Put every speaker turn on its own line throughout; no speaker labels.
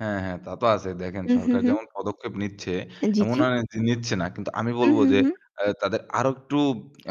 হ্যাঁ, হ্যাঁ, তা তো আ ছে। দেখেন
উম হু, হু,
সরকার
হুম।
যেমন পদক্ষেপ নিচ্ছে
এ জি,
এমন
জি।
না নে যে নিচ্ছে না। কিন্তু আমি
উম
বলবো
হুম,
যে
হুম।
আ তাদের আরও একটু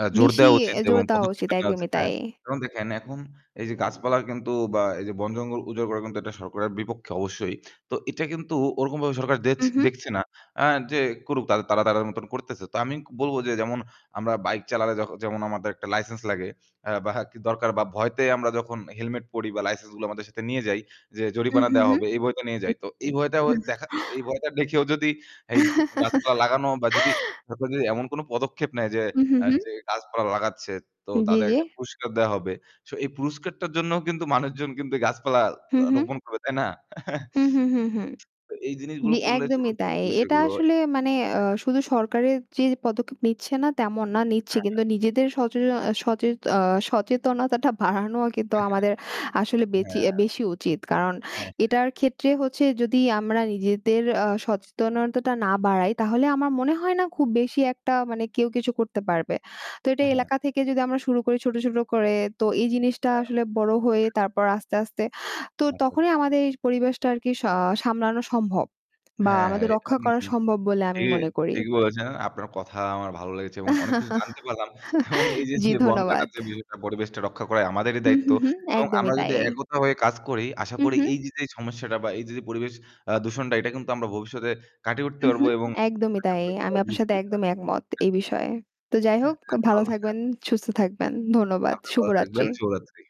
আ জোর
বেশি
দেওয়া উচিত
অ্যা
এবং
জোর দেওয়া
পদক্ষেপ
উচিত।
এ নেওয়া উচিত,
একদমই
হ্যাঁ।
তাই।
যেমন দেখেন এখন এইযে গাছপালা কিন্তু বা এই যে বন-জঙ্গল উজাড় করা কিন্তু এটা সরকারের বিপক্ষে অবশ্যই। তো এটা কিন্তু ওরকমভাবে সরকার
উ,
দেছে
হুম।
দেখছে না আ যে করুক, তারা তাদের মতন করতেছে। তো আমি বলবো যে যেমন আমরা bike চালালে যক যেমন আমাদের একটা license লাগে অ্যা বা দরকার বা ভয়তে আমরা যখন helmet পরি বা license গুলো আমাদের সাথে নিয়ে যাই যে
উ
জরিমানা
হু,
দেওয়া
হুম।
হবে এই ভয়তে নিয়ে
তাই
যাই। তো
নাকি?
এই ভয়টা ও
হুম।
দেখা এই ভয়টা দেখেও যদি এই গাছপালা লাগানো বা যদি সরকার যদি এমন কোনো পদক্ষেপ নেয় যে
উম হু,
আ
হুম।
যে গাছপালা লাগাচ্ছে, তো
জি,
তাদের
জি।
একটা পুরস্কার দেয়া হবে। সো এই পুরস্কারটার জন্য কিন্তু মানুষজন কিন্তু গাছপালা
হুম,
আ
হুম।
রোপণ করবে, তাই না?
হুম, হুম, হুম, হুম।
তো এই জিনিসগুলো
জি,
করলে ছোট,
একদমই
ছোট
তাই।
যে
এ এটা
বিষয়গুলোয়
আসলে মানে অ
হ্যাঁ।
শুধু সরকারের যে পদক্ষেপ নিচ্ছে না, তেমন না, নিচ্ছে।
হ্যা, হ্যা।
কিন্তু নিজেদের সচে সচেত অ সচেতনতাটা বাড়ানোও কিন্তু
এ হ্যা।
আমাদের আসলে বেচি
হ্যা।
বেশি উচিত। কারণ
হ্যাঁ।
এটার ক্ষেত্রে হচ্ছে যদি আমরা নিজেদের আ সচেতনতাটা না বাড়াই তাহলে আমার মনে
হ্যাঁ।
হয় না খুব বেশি একটা মানে কেউ কিছু করতে পারবে। তো এটা
হ্যাঁ, হ্যাঁ।
এলাকা থেকে যদি আমরা শুরু করি ছোট, ছোট করে তো এই জিনিসটা
হ্যাঁ।
আসলে বড় হয়ে তারপর আস্তে, আস্তে তো
আচ
তখনই
আচ্ছা।
আমাদের এই পরিবেশটা আরকি আ সামলানো সম্ভব বা
হ্যাঁ, হ্যাঁ,
আমাদের
এটা
রক্ষা করা
[unintelligible]
সম্ভব বলে
জি,
আমি মনে করি।
ঠিকই বলেছেন। আপনার কথা আমার ভালো লেগেছে এবং অনেক কিছু জানতে পারলাম এবং এইযে
জি,
যে বন
ধন্যবাদ।
কাটার যে বিষয়টা পরিবেশটা রক্ষা করাই আমাদেরই
উম
দায়িত্ব
হুম, হুম।
এবং
একদমই
আমরা
তাই।
যদি একতা হয়ে কাজ করি আশা
উম
করি
হুম।
এইযে যে সমস্যাটা বা এইযে যে পরিবেশ আ দূষণটা এটা কিন্তু আমরা ভবিষ্যতে কাটিয়ে উঠতে
উম
পারবো
হুম।
এবং
একদমই
আশা
তাই।
করি
আমি
সবাই
আপনার সাথে
বুঝবে এটা।
একদমই একমত,
হ্যাঁ।
এই বিষয়ে। তো যাই
হ্যাঁ,
হোক, ভালো
ভালো। হ্যাঁ।
থাকবেন, সুস্থ থাকবেন। ধন্যবাদ।
আপনি
শুভ
ভালো থাকবেন।
রাত্রি।
শুভরাত্রি।